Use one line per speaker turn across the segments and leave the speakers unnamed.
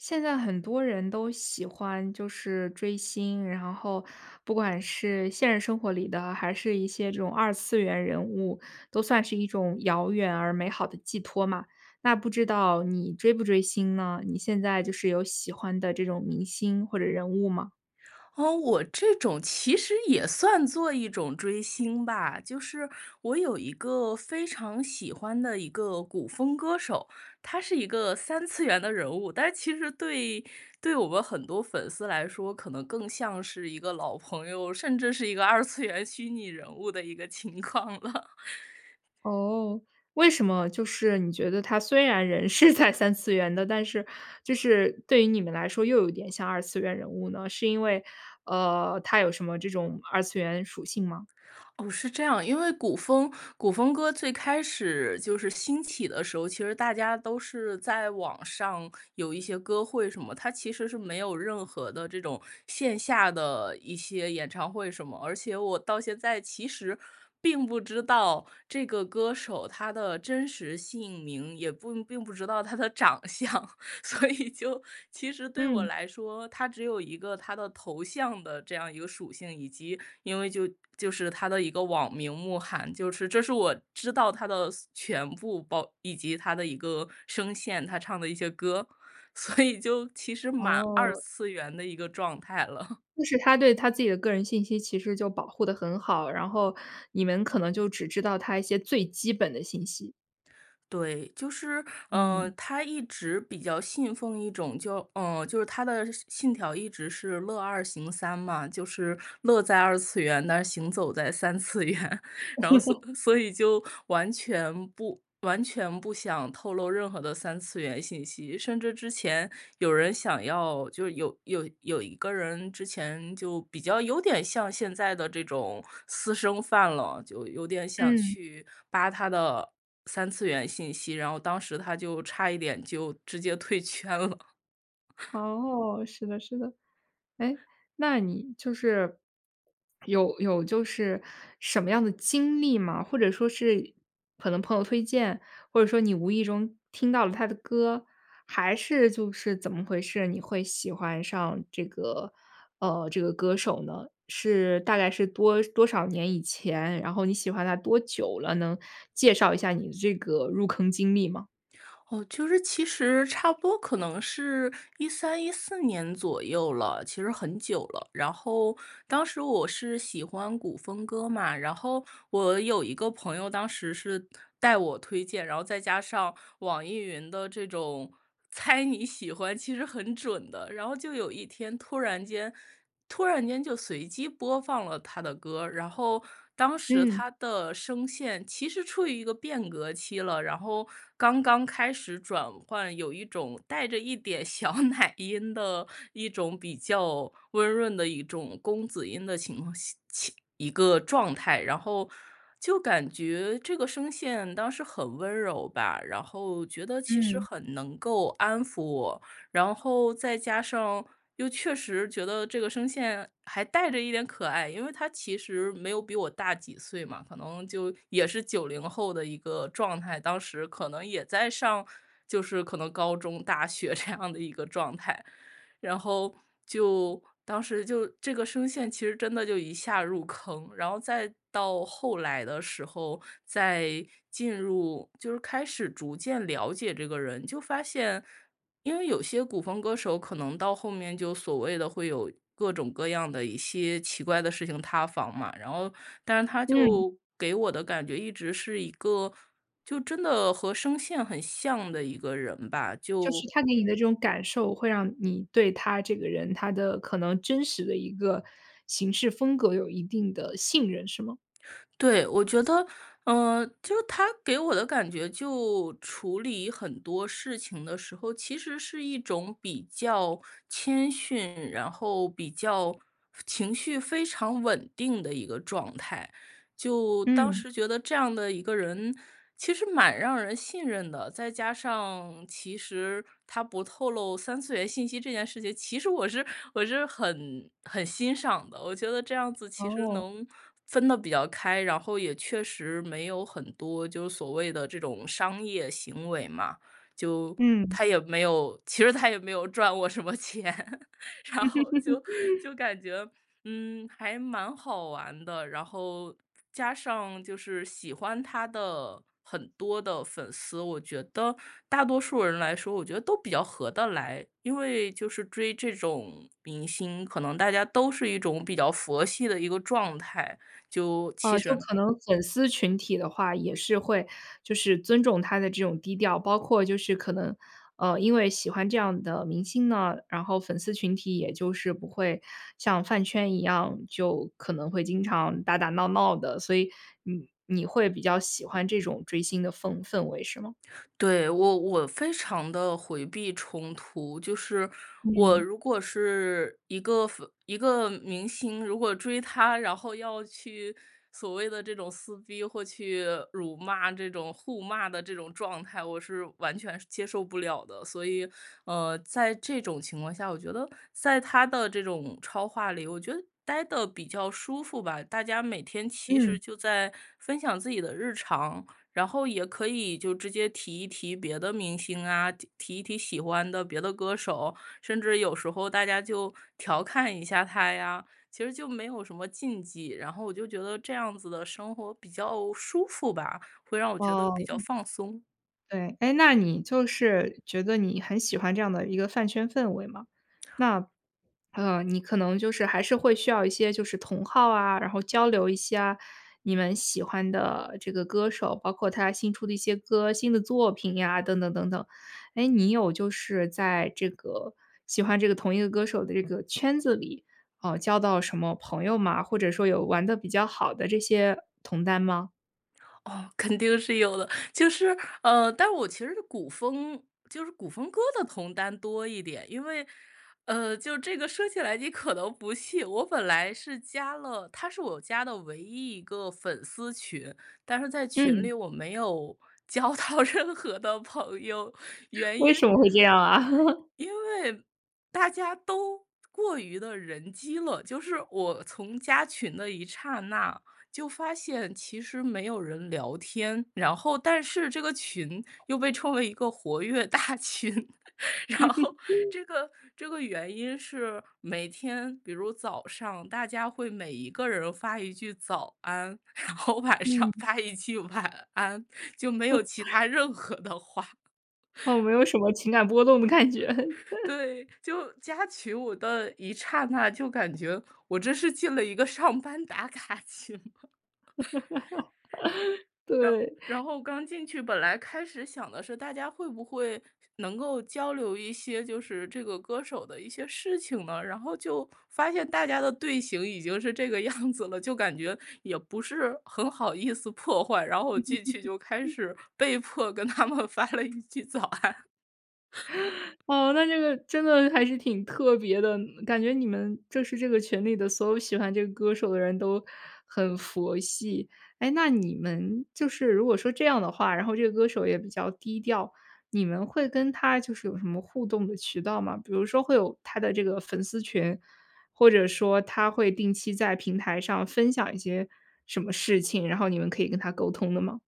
现在很多人都喜欢就是追星，然后不管是现实生活里的，还是一些这种二次元人物，都算是一种遥远而美好的寄托嘛。那不知道你追不追星呢？你现在就是有喜欢的这种明星或者人物吗？
哦，我这种其实也算作一种追星吧。就是我有一个非常喜欢的一个古风歌手，他是一个三次元的人物。但其实对对我们很多粉丝来说，可能更像是一个老朋友，甚至是一个二次元虚拟人物的一个情况了。
哦，为什么就是你觉得他虽然人是在三次元的，但是就是对于你们来说又有点像二次元人物呢？是因为，呃，他有什么这种二次元属性吗？
哦，是这样。因为古风古风歌最开始就是兴起的时候，其实大家都是在网上有一些歌会什么，它其实是没有任何的这种线下的一些演唱会什么。而且我到现在其实并不知道这个歌手他的真实姓名，也不并不知道他的长相。所以就其实对我
嗯。
来说，他只有一个他的头像的这样一个属性，以及因为就就是他的一个网名慕寒，就是这是我知道他的所全部，包以及他的一个声线，他唱的一些歌，所以就其实蛮二
哦。
次元的一个状态了。
就是他对他自己的个人信息其实就保护得很好，然后你们可能就只知道他一些最基本的信息。
对，就是，呃，
嗯。
他一直比较信奉一种就呃，就是他的信信条一直是乐二行三嘛。就是乐在二次元，但是行走在三次元，然后所 所以就完全不完全不想透露任何的三次元信息。甚至之前有人想要就有有有一个人之前就比较有点像现在的这种私生饭了，就有点想
嗯。
去扒他的三次元信息，然后当时他就差一点就直接退圈了。
哦，是的是的。诶，那你就是，有有就是什么样的经历吗？或者说是可能朋友推荐，或者说你无意中听到了他的歌，还是就是怎么回事？你会喜欢上这个，呃，这个歌手呢？是大概是多多少年以前，然后你喜欢他多久了？能介绍一下你的这个入坑经历吗？
哦，就是其实差不多可能是13、14年左右了，其实很久了。然后当时我是喜欢古风歌嘛，然后我有一个朋友当时是带我推荐，然后再加上网易云的这种猜你喜欢，其实很准的。然后就有一天突然间突然间就随机播放了他的歌，然后当时
嗯。
他的声线其实处于一个变革期了，然后刚刚开始转换，有一种带着一点小奶音的一种比较温润的一种公子音的情况下情一个状态。然后就感觉这个声线当时很温柔吧，然后觉得其实
嗯。
很能够安抚我，然后再加上又确实觉得这个声线还带着一点可爱，因为他其实没有比我大几岁嘛，可能就也是90后的一个状态，当时可能也在上就是可能高中、大学这样的一个状态。然后就当时就这个声线其实真的就一下入坑，然后再到后来的时候，再进入就是开始逐渐了解这个人，就发现因为有些古风歌手可能到后面就所谓的会有各种各样的一些奇怪的事情塌房嘛，然后但是他
嗯。
就给我的感觉一直是一个，就真的和声线很像的一个人吧，
就是
就
他给你的这种感受，会让你对他这个人，他的可能真实的一个行事风格有一定的信任，是吗？
对，我觉得，呃，就他给我的感觉，就处理很多事情的时候，其实是一种比较谦逊，然后比较情绪非常稳定的一个状态。就当
嗯。
时觉得这样的一个人，其实蛮让人信任的，再加上其实他不透露三次元信息这件事情，其实我是我是很很欣赏的。我觉得这样子其实
哦。
能分得比较开，然后也确实没有很多就所谓的这种商业行为嘛，就
嗯。
他也没有其实他也没有赚过什么钱，然后就 就感觉，嗯，还蛮好玩的。然后，加上就是喜欢他的很多的粉丝，我觉得大多数人来说，我觉得都比较合得来。因为就是追这种明星，可能大家都是一种比较佛系的一个状态，就其
呃，就
实
可能粉丝群体的话，也是会就是尊重他的这种低调，包括就是可能，呃，因为喜欢这样的明星呢，然后粉丝群体也就是不会像饭圈一样，就可能会经常打打闹闹的，所以你你会比较喜欢这种追星的氛氛围，是吗？
对，我我非常地回避冲突，就是我
嗯。
如果是一个粉一个明星，如果追他，然后要去所谓的这种撕逼，或去辱骂这种互骂的这种状态，我是完全受接受不了的。所以，呃，在这种情况下，我觉得在他的这种超话里，我觉得待得比较舒服吧，大家每天其
嗯。
实就在分享自己的日常。然后，也可以就直接提一提别的明星啊、提提一提喜欢的别的歌手，甚至有时候大家就调侃一下他呀。其实就没有什么禁忌，然后我就觉得这样子的生活比较舒服吧，会让我觉得
哦。
比较
嗯。
放松。
对。诶，那你就是觉得你很喜欢这样的一个饭圈氛围嘛。那，呃，你可能就是还是会需要一些就是同好啊，然后交流一下你们喜欢的这个歌手，包括他新出的一些歌、新的作品呀等等等等。诶，你有就是在这个喜欢这个同一个歌手的这个圈子里，呃，交到什么朋友吗？或者说有玩得比较好的这些同担吗？
哦，肯定是有的。就是，呃，但我其实古风就是古风歌的同担多一点。因为，呃，就这个说起来你可能不信，我本来是加了它是我加的唯一1个粉丝群。但是在群
嗯。
里我没有交到任何的朋友，原
为什
因
么会这样啊？
因为大家都过于地人机了，就是我从加群的一刹那，就发现其实没有人聊天，然后但是这个群又被称为一个活跃大群。然后 这个这个原因是，每天比如早上大家会每一个人发一句早安，然后晚上
嗯。
发一句晚安，就没有其 它任何的话。
嗯，没有什么情感波动的感觉。
对，就加群我的一刹那，就感觉我真是进了一个上班打卡群了。然
对。
然后刚进去，本来开始想的是大家会不会，能够交流一些，就是这个歌手的一些事情呢。然后就发现大家的队形已经是这个样子了，就感觉也不是很好意思破坏，然后我进去就开 始被迫跟他们发了一句早安。
哦，那这个真的还是挺特别的。感觉你们就是这个群里的所有喜欢这个歌手的人都很佛系。诶，那你们就是如果说这样的话，然后这个歌手也比较低调，你们会跟他就是有什么互动的渠道吗？比如说会有他的这个粉丝群，或者说他会定期在平台上分享一些什么事情，然后你们可以跟他沟通的吗？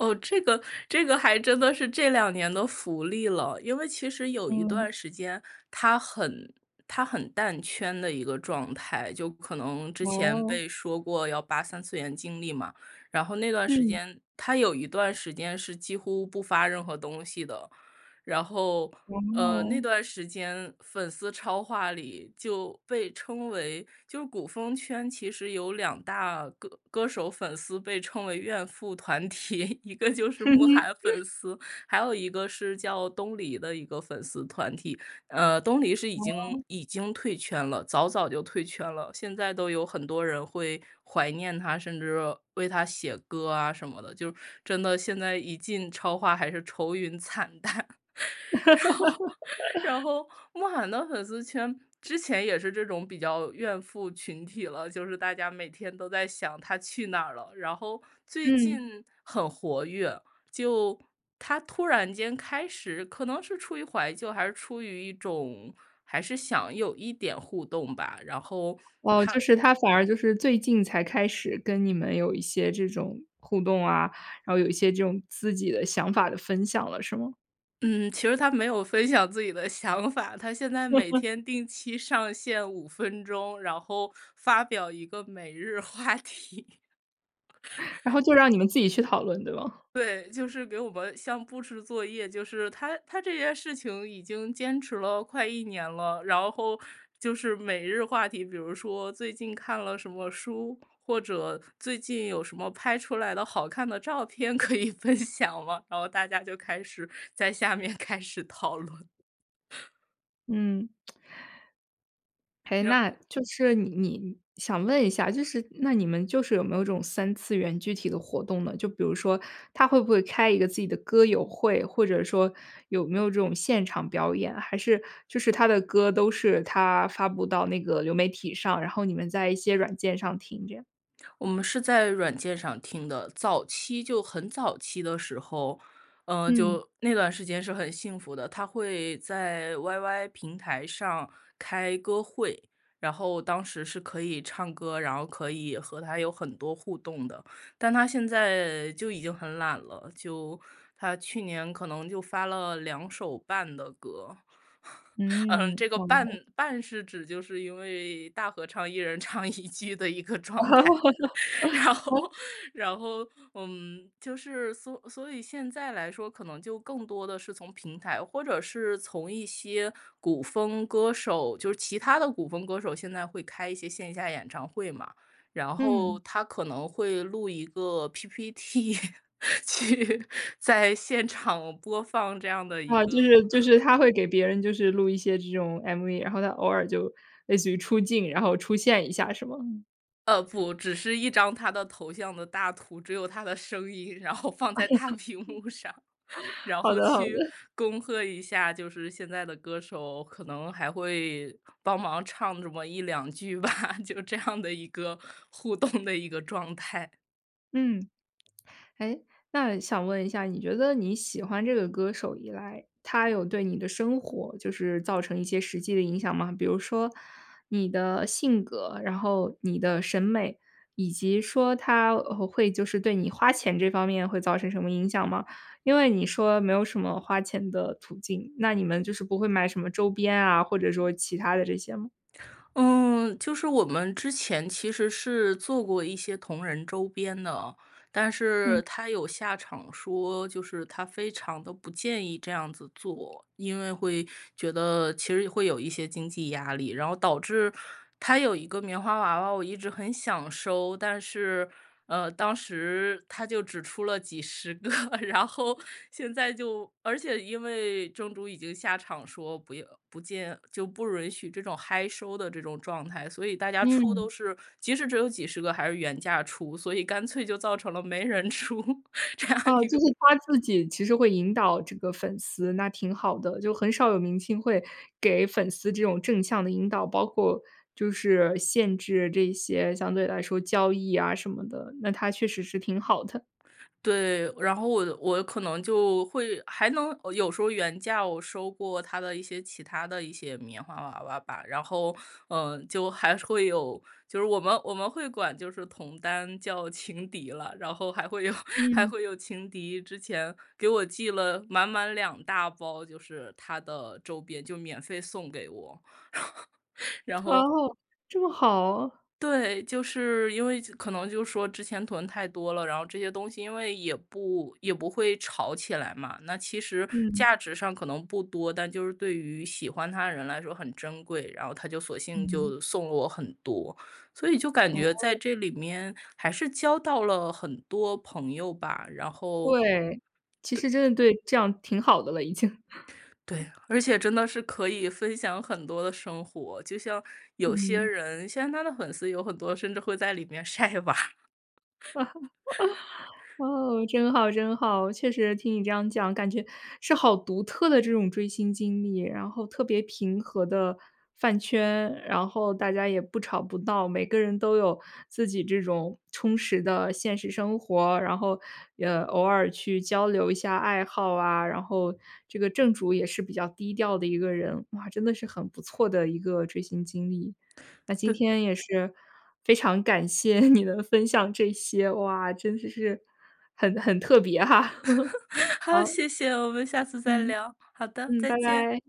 哦，这个这个还真的是这2年的福利了。因为其实有一
嗯。
段时间，他很他很淡圈的一个状态，就可能之前
哦。
被说过要扒三次元经历嘛，然后那段时
嗯。
间，他有一段时间是几乎不发任何东西的。然后，呃，那
哦。
段时间，粉丝超话里就被称为就古风圈其实有两大歌歌手粉丝被称为怨妇团体，一个就是慕寒 粉丝，还有一个是叫东篱的一个粉丝团体。呃，东篱是已经
哦。
已经退圈了，早早就退圈了，现在都有很多人会怀念他，甚至为他写歌啊，什么的，就真的现在一进超话，还是愁云惨淡。然 后然后，慕寒的粉丝圈，之前也是这种比较怨妇群体了，就是大家每天都在想他去哪儿了，然后最
嗯。
近很活跃，就他突然间开始可能是出于怀旧，还是出于一种，还是想有一点互动吧，然后
哦，就
他
是他反而就是最近才开始跟你们有一些这种互动啊，然后有一些这种自己的想法的分享了，是吗？
嗯，其实他没有分享自己的想法，他现在每 天定期上线5分钟，然后发表一个每日话题。
然后 就让你们自己去讨论，对吗？
对，就是给我们像布置作业，就是他他这件事情已经坚持了快1年了，然后就是每日话题，比如说最近看了什么书，或者最近有什么拍出来的好看的照片可以分享吗？然后大家就开始在下面开始讨论。
嗯。诶，
然
那就是你你想问一下，就是那你们就是有没有这种三次元具体的活动呢？就比如说他会不会开一个自己的歌友会，或者说有没有这种现场表演，还是就是他的歌都是他发布到那个流媒体上，然后你们在一些软件上听这样？
我们是在软件上听的，早期就很早期的时候，呃，
嗯。
就那段时间是很幸福的。他会在 YY 平台上开歌会，然后当时是可以唱歌，然后可以和他有很多互动的，但他现在就已经很懒了，就他去年可能就发了两首半的歌。嗯，
嗯。
这个半
哦。
半是指，就是因为大合唱一人唱一句的一个状态。然 后然后，嗯，就是所所以现在来说，可能就更多的是从平台，或者是从一些古风歌手，就是其他的古风歌手现在会开一些线下演唱会嘛，然后
嗯。
他可能会录一个 PP T，去在现场播放这样的一
啊，就
个
是就是 他会给别人就是录一些这种 MV，然后他偶尔就类似于出镜，然后出现一下，是吗？嗯。
呃，不，只是一张他的头像的大图，只有他的声音，然后放在大屏幕上，然
好
后
的好的。
去恭贺一下，就是现在的歌手可能还会帮忙唱这么1-2句吧，就这样的一个互动的一个状态。
嗯。诶，那想问一下，你觉得你喜欢这个歌手以来，他有对你的生活就是造成一些实际的影响吗？比如说你的性格，然后你的审美，以及说他呃，会就是对你花钱这方面会造成什么影响吗？因为你说没有什么花钱的途径，那你们就是不会买什么周边啊，或者说其它的这些吗？
嗯，就是我们之前其实是做过一些同人周边的，但
嗯。
是他有下场说，就是他非常地不建议这样子做。因为会觉得其实会有一些经济压力，然后导致他有一个棉花娃娃，我一直很想收。但是，呃，当时他就只出了几十个，然后现在就，而且因为正主已经下场说不要不建就不允许这种嗨收的这种状态。所以大家出
嗯。
都是，即使只有几十个还是原价出，所以干脆就造成了没人出，这样
啊，
一个
就是他自己其实会引导这个粉丝，那挺好的。就很少有明星会给粉丝这种正向的引导，包括就是限制这些相对来说交易啊什么的，那他确实是挺好的。
对，然后我我可能就会还能有时候原价我收过他的一些其它的一些棉花娃娃吧。然后，呃，就还会有就是我们我们会管就是同担叫情敌了，然后还会有还
嗯。
会有情敌之前给我寄了满满两大包，就是他的周边，就免费送给我。然后
哦，这么好啊。
对，就是因为就可能就说之前囤太多了，然后这些东西因为也不也不会炒起来嘛，那其实
嗯。
价值上可能不多。但就是对于喜欢他的人来说很珍贵，然后她就索性
嗯。
就送了我很多。所以就感觉
哦。
在这里面还是交到了很多朋友吧，然后，
对，其
对
实真的对，这样挺好的了已经。
对，而且真的是可以分享很多的生活，就像有些
嗯。
人现在他的粉丝有很多甚至会在里面晒娃。
哦，真好真好。确实听你这样讲，感觉是好独特的这种追星经历。然后特别平和的饭圈，然后大家也不吵不闹，每个人都有自己这种充实的现实生活。然后，呃，偶尔去交流一下爱好啊，然后这个正主也是比较低调的一个人。哇，真的是很不错的一个追星经历。那今
对。
天也是非常感谢你能分享这些，哇，真的是很很特别哈。
好，
好。
谢谢。我们下次再
嗯，
聊。好的，
嗯，
再
拜
见。
拜。